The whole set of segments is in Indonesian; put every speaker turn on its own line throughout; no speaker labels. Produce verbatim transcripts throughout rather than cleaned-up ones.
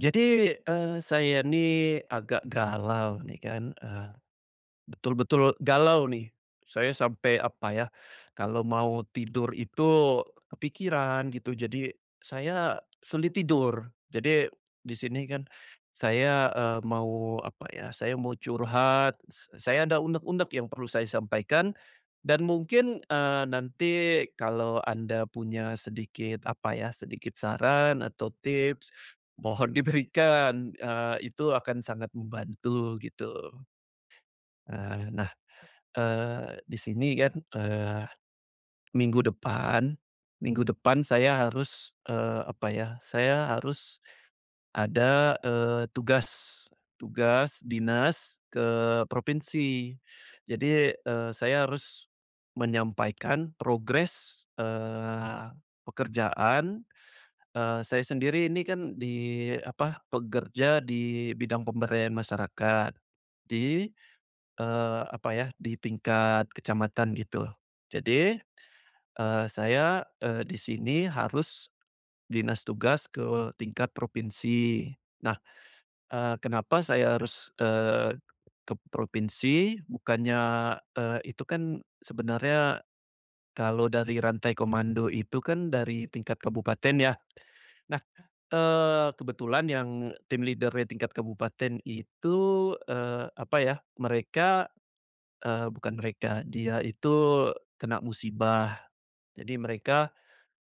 Jadi, eee, saya nih agak galau nih kan, eee, betul-betul galau nih. Saya sampai apa ya, kalo mau tidur itu kepikiran gitu jadi saya sulit tidur. Jadi di sini kan saya, eee, mau apa ya, saya mau curhat, se saya ada unek-unek yang perlu saya sampaikan dan mungkin, eee, nanti kalau Anda punya sedikit, apa ya, sedikit saran atau tips mohon diberikan, eee, itu akan sangat membantu, gitu. Eee, nah, eee, di sini kan, eee, minggu depan minggu depan saya harus, eee, apa ya, saya harus ada, eee, tugas, tugas dinas ke provinsi. Jadi, eee, saya harus menyampaikan progres, eee, pekerjaan, eee, saya sendiri ini kan di, apa, pekerja di bidang pemberdayaan masyarakat, di eee, apa ya, di tingkat kecamatan gitu jadi, eee, saya, eee, di sini harus dinas tugas ke tingkat provinsi. Nah, eee, kenapa saya harus, eee, ke provinsi? Bukannya, eee, itu kan sebenernya kalo dari rantai komando itu kan dari tingkat kabupaten ya. Nah, eee, kebetulan yang team leader-nya tingkat kabupaten itu, eee, apa ya, mereka eee, bukan mereka, dia itu kena musibah, jadi mereka,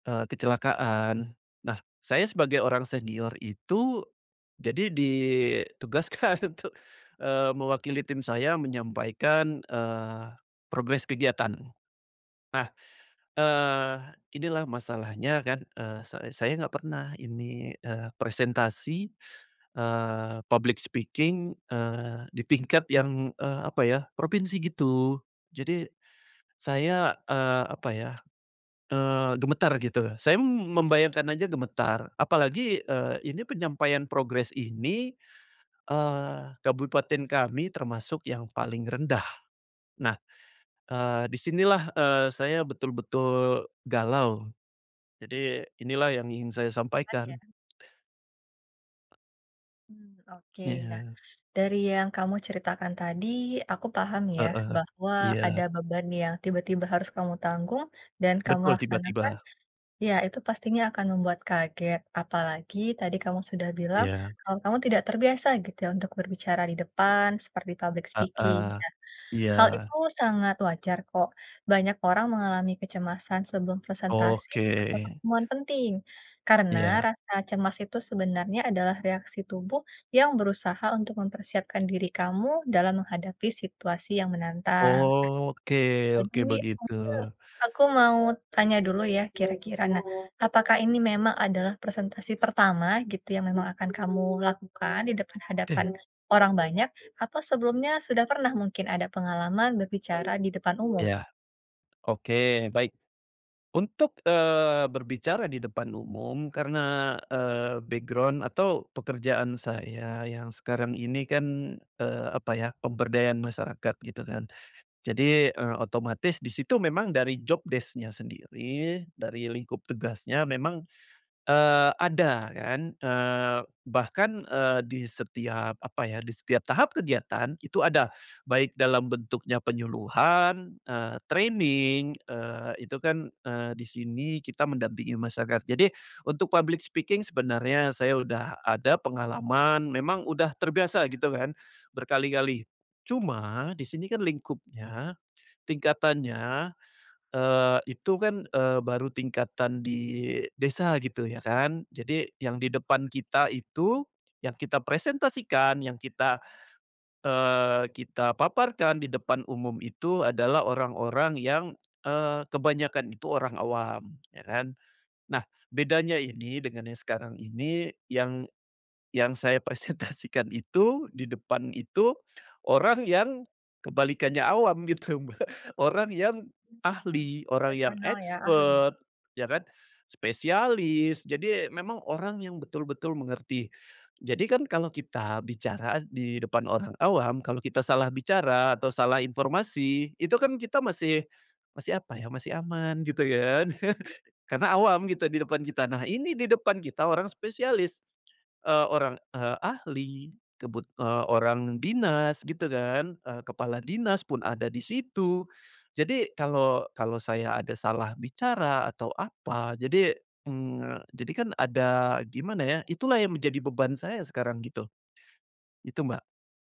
eee, kecelakaan. Nah, saya sebagai orang senior itu jadi ditugaskan untuk, eee, mewakili tim saya menyampaikan, eee, progres kegiatan. Nah, eee, inilah masalahnya kan, eee, say saya enggak pernah ini, eee, presentasi, eee, public speaking, eee, di tingkat yang, eee, apa ya, provinsi gitu, jadi saya, eee, apa ya, eee, gemetar gitu. Saya, m membayangkan aja gemetar apalagi, eee, ini penyampaian progress ini, eee, kabupaten kami termasuk yang paling rendah. Nah, eee, di sinilah, eee, saya betul-betul galau, jadi inilah yang ingin saya
Beban ya?
sampaikan.
Mmm, oke. Nah,
Iya.
dari yang kamu ceritakan tadi, aku paham, ya,
Heeh,
bahwa ada
iya.
beban yang tiba-tiba harus kamu tanggung dan kamu
Betul,
laksanakan,
tiba-tiba.
ya, itu pastinya akan membuat kaget. Apalagi tadi kamu sudah bilang,
Iya.
kalau kamu tidak terbiasa gitu, ya, untuk berbicara di depan, seperti public speaking,
Heeh,
nah,
iya.
hal itu sangat wajar, kok, banyak orang mengalami kecemasan sebelum presentasi
Oke.
atau pertemuan penting. Karena
Iya.
rasa cemas itu sebenarnya adalah reaksi tubuh yang berusaha untuk mempersiapkan diri kamu dalam menghadapi situasi yang menantang.
Oke oke,
Jadi
begitu.
mungkin aku mau tanya dulu, ya, kira-kira, nah apakah ini memang adalah presentasi pertama gitu yang memang akan kamu lakukan di depan
Te
hadapan orang banyak, atau sebelumnya sudah pernah mungkin ada pengalaman berbicara di depan umum?
Iya, oke baik. Untuk, eee, berbicara di depan umum karena, eee, background atau pekerjaan saya yang sekarang ini, kan, eee, apa, ya, pemberdayaan masyarakat gitu, kan. Jadi, eee, otomatis di situ memang dari job desc-nya sendiri, dari lingkup tugasnya memang, eee, ada, kan, eee, bahkan, eee, di setiap apa, ya, di setiap tahap kegiatan itu ada, baik dalam bentuknya penyuluhan, eee, training eee, itu kan, eee, di sini kita mendampingi masyarakat. Jadi untuk public speaking sebenarnya saya udah ada pengalaman, memang udah terbiasa gitu kan berkali-kali, cuma di sini kan lingkupnya, tingkatannya, eee, itu, kan, eee, baru tingkatan di desa gitu, ya, kan, jadi yang di depan kita itu yang kita presentasikan, yang kita, eee, kita paparkan di depan umum itu adalah orang-orang yang eee, kebanyakan itu orang awam, ya, kan. Nah bedanya ini dengan yang sekarang ini yang yang saya presentasikan itu, di depan itu orang yang kebalikannya awam, gitu Mbak, orang yang
Mmm, iya,
ahli, orang yang
profesional, ya, ahli.
expert, ya, kan, spesialis, jadi memang orang yang betul-betul mengerti. Jadi, kan, kalau kita bicara di depan orang awam, kalau kita salah bicara atau salah informasi itu kan kita masih masih apa ya, masih aman gitu ya kan, karena awam gitu di depan kita. Nah, ini di depan kita orang spesialis, eee, orang, eee, ahli, kebut eee, orang dinas gitu, kan, eee, kepala dinas pun ada di situ. Jadi kalau kalau saya ada salah bicara atau apa, jadi mmm, jadi kan ada gimana, ya, itulah yang menjadi beban saya sekarang gitu, itu Mbak.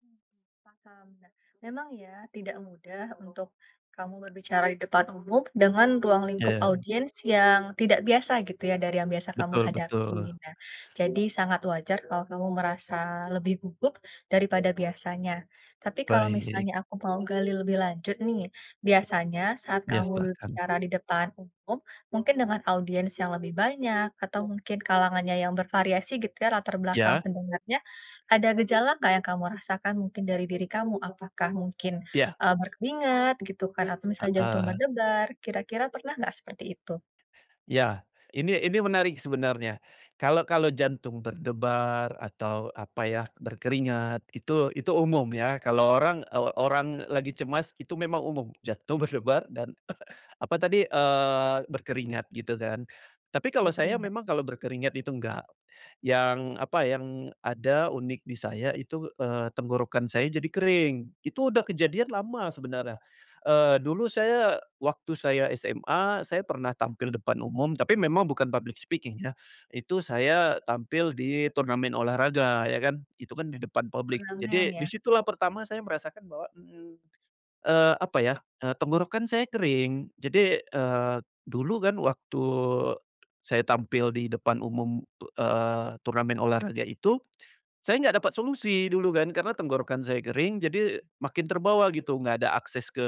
Mmm, paham. Nah, memang ya tidak mudah untuk, kamu berbicara di depan umum dengan ruang lingkup
Iya.
audiens yang tidak biasa gitu ya dari yang biasa kamu
Betul
hadapi,
betul.
nah jadi sangat wajar kalau kamu merasa lebih gugup daripada biasanya, tapi kalau
Baik.
misalnya aku mau gali lebih lanjut nih, biasanya saat
Iya,
kamu
silahkan.
berbicara di depan umum mungkin dengan audiens yang lebih banyak atau mungkin kalangannya yang bervariasi gitu ya latar belakang
Iya.
pendengarnya, ada gejala enggak yang kamu rasakan mungkin dari diri kamu? Apakah mungkin,
Iya.
eee, berkeringat gitu kan atau misalnya jantung
Heeh.
berdebar kira-kira pernah enggak seperti itu?
Iya, ini ini menarik sebenarnya, kalau kalau jantung berdebar atau apa ya, berkeringat, itu itu umum ya, kalau orang, eee, orang lagi cemas itu memang umum, jantung berdebar dan apa tadi, eee, berkeringat gitu kan, tapi kalau saya
Berkeringat.
memang kalau berkeringat itu enggak, yang apa, yang ada unik di saya itu, eee, tenggorokan saya jadi kering, itu udah kejadian lama sebenarnya, eee, dulu saya waktu saya SMA, saya pernah tampil depan umum, tapi memang bukan public speaking ya, itu saya tampil di turnamen olahraga ya kan, itu kan di depan publik
Turnamen
jadi di
ya?
situlah pertama saya merasakan bahwa, mmm, eee, apa ya, eee, tenggorokan saya kering, jadi, eee, dulu kan waktu, saya tampil di depan umum, eee, turnamen olahraga itu, saya enggak dapat solusi dulu kan, karena tenggorokan saya kering jadi makin terbawa gitu, enggak ada akses ke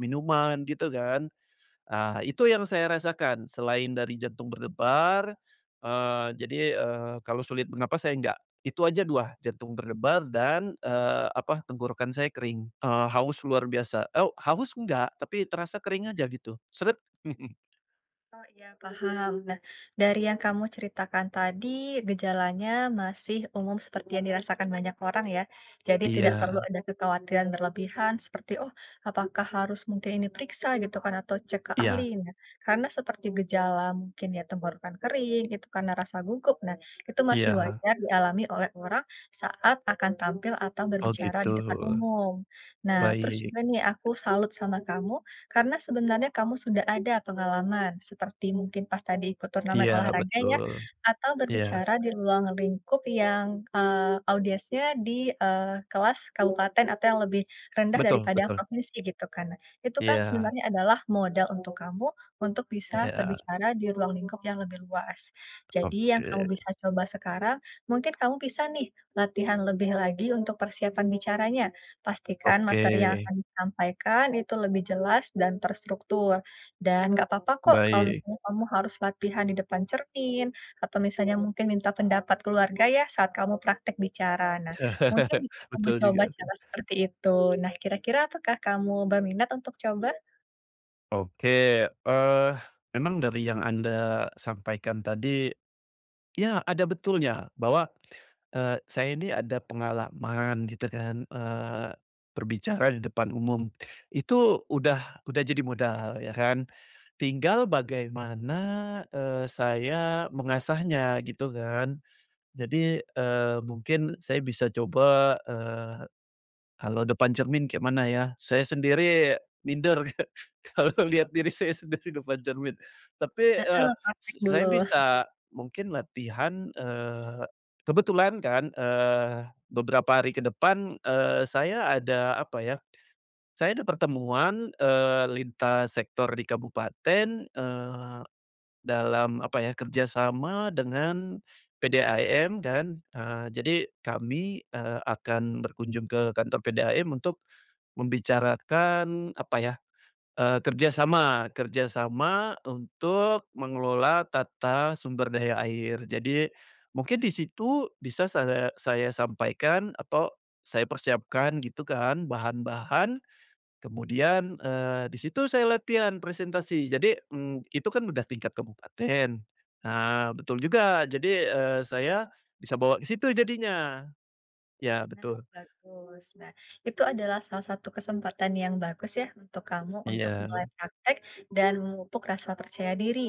minuman gitu kan, ah, itu yang saya rasakan selain dari jantung berdebar, eee, jadi, eee, kalau sulit bernafas saya enggak, itu aja dua, jantung berdebar dan, eee, apa, tenggorokan saya kering, eee, haus luar biasa, oh, haus enggak, tapi terasa kering aja gitu, seret.
Oh iya paham. Nah, dari yang kamu ceritakan tadi, gejalanya masih umum seperti yang dirasakan banyak orang ya, jadi tidak perlu
Iya.
ada kekhawatiran berlebihan seperti, "Oh, apakah harus mungkin ini periksa gitu kan atau cek ke
Iya.
ahli?" Nah, karena seperti gejala mungkin ya tenggorokan kering, itu karena rasa gugup. Nah, itu masih
Iya.
wajar dialami oleh orang saat akan tampil atau
Oh,
berbicara
gitu.
di depan umum. Nah, terus
Baik.
juga nih aku salut sama kamu, karena sebenarnya kamu sudah ada pengalaman seperti mungkin pas tadi ikut turnamen
Iya,
olahraga ya,
betul.
atau
Iya.
berbicara di ruang lingkup yang, eee, audiendnya di, eee, kelas kabupaten atau yang lebih rendah
Betul
daripada
betul.
provinsi gitu kan. Itu kan
Iya.
sebenarnya adalah modal untuk kamu, untuk bisa
Iya.
berbicara di ruang lingkup yang lebih luas. Jadi yang kamu
Oke.
bisa coba sekarang, mungkin kamu bisa nih, latihan lebih lagi untuk persiapan bicaranya. Pastikan
Oke
materi yang akan disampaikan itu lebih jelas dan terstruktur, dan nggak apa-apa kok kalau
Baik.
misalnya kamu harus latihan di depan cermin, atau misalnya mungkin minta pendapat keluarga ya, saat kamu praktek bicara, nah mungkin bisa kamu
Betul
coba
juga tuh.
cara seperti itu. Nah, kira-kira apakah kamu berminat untuk coba?
Oke, eee, memang dari yang Anda sampaikan tadi, ya ada betulnya bahwa, eee, saya ini ada pengalaman gitu kan, eee, berbicara di depan umum itu udah udah jadi modal ya kan, tinggal bagaimana, eee, saya mengasahnya gitu kan, jadi, eee, mungkin saya bisa coba, eee, kalau depan cermin kayak mana ya? Saya sendiri minder ka kalau lihat diri saya sendiri depan cermin tapi, eee,
Heeh,
s
praktek
saya
dulu.
bisa mungkin latihan eee, kebetulan kan, eee, beberapa hari ke depan, eee, saya ada apa ya, saya ada pertemuan, eee, lintas sektor di kabupaten, eee, dalam apa ya kerjasama dengan, PDAM dan, eee, jadi kami, eee, akan berkunjung ke kantor PDAM untuk, membicarakan apa ya, eee, kerja sama kerja sama untuk mengelola tata sumber daya air jadi, mungkin di situ bisa saya saya sampaikan atau, saya persiapkan gitu kan bahan-bahan, kemudian, eee, di situ saya latihan presentasi jadi, mmm, itu kan udah tingkat kabupaten, nah betul juga jadi, eee, saya bisa bawa ke situ jadinya, ya
Nah
betul.
bagus nah itu adalah salah satu kesempatan yang bagus ya untuk kamu untuk
Iya.
mulai praktek dan memupuk rasa percaya diri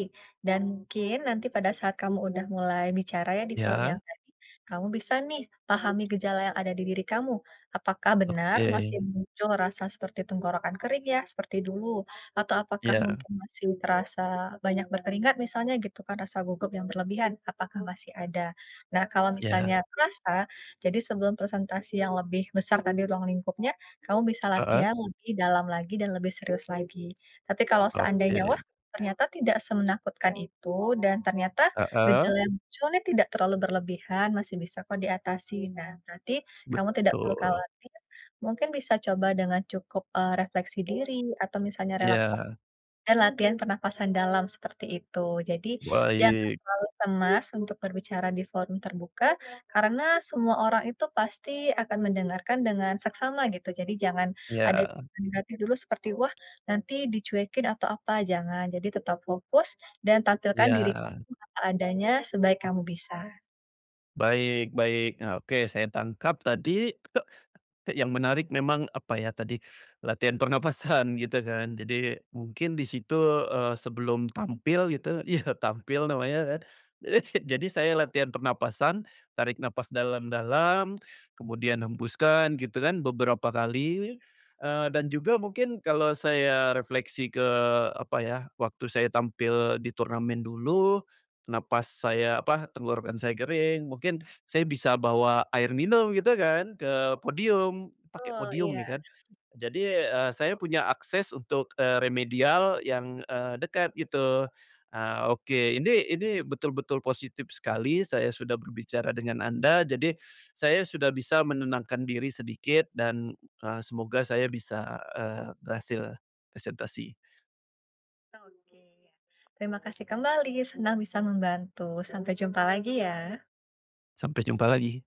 dan mungkin nanti pada saat kamu udah mulai bicara ya di forum yang
Ya.
tadi, kamu bisa nih pahami gejala yang ada di diri kamu apakah benar masih
Oke.
muncul rasa seperti tenggorokan kering ya seperti dulu atau apakah
Iya.
mungkin masih terasa banyak berkeringat misalnya gitu kan rasa gugup yang berlebihan apakah masih ada. Nah kalau misalnya
Ya.
terasa, jadi sebelum presentasi yang lebih besar tadi ruang lingkupnya, kamu bisa
Heeh.
latihan lebih dalam lagi dan lebih serius lagi, tapi kalau seandainya wah,
Oke.
ternyata tidak semenakutkan itu dan ternyata
Heeh.
gejala yang muncul ini tidak terlalu berlebihan masih bisa kok diatasi. Nah nanti, kamu tidak perlu
Betul.
khawatir, mungkin bisa coba dengan cukup, eee, refleksi diri atau misalnya releksa
Iya.
dan latihan pernafasan dalam seperti itu jadi jangan
Baik.
terlalu cemas untuk berbicara di forum terbuka, karena semua orang itu pasti akan mendengarkan dengan seksama gitu jadi jangan ada
Iya.
[unintelligible] hati dulu seperti, wah nanti dicuekin atau apa jangan, jadi tetap fokus dan tampilkan diri
Iya.
kamu apa adanya sebaik kamu bisa.
Baik baik. Nah, oke, saya tangkap tadi, yang menarik memang, apa ya, tadi, latihan pernafasan, gitu, kan? Jadi, mungkin di situ, eee, sebelum tampil gitu iya, tampil namanya, kan? Jadi, saya latihan pernafasan, tarik nafas dalam-dalam, kemudian hembuskan, gitu kan, beberapa kali, eee, dan juga mungkin, kalau saya refleksi ke, apa ya, waktu saya tampil di turnamen dulu, napas saya apa, tenggorokan saya kering, mungkin saya bisa bawa air minum, gitu kan, ke podium. Pake
tul,
podium
iya.
nih, kan. Jadi, eee, saya punya akses untuk, eee, remedial yang, eee, dekat, gitu. Ah, oke. Ini ini, betul-betul positif sekali, saya sudah berbicara dengan Anda, jadi saya sudah bisa menenangkan diri sedikit, dan, eee, semoga saya bisa, eee, berhasil presentasi.
Oke. Terima kasih kembali, senang bisa membantu. Sampai jumpa lagi, ya!
Sampai jumpa lagi!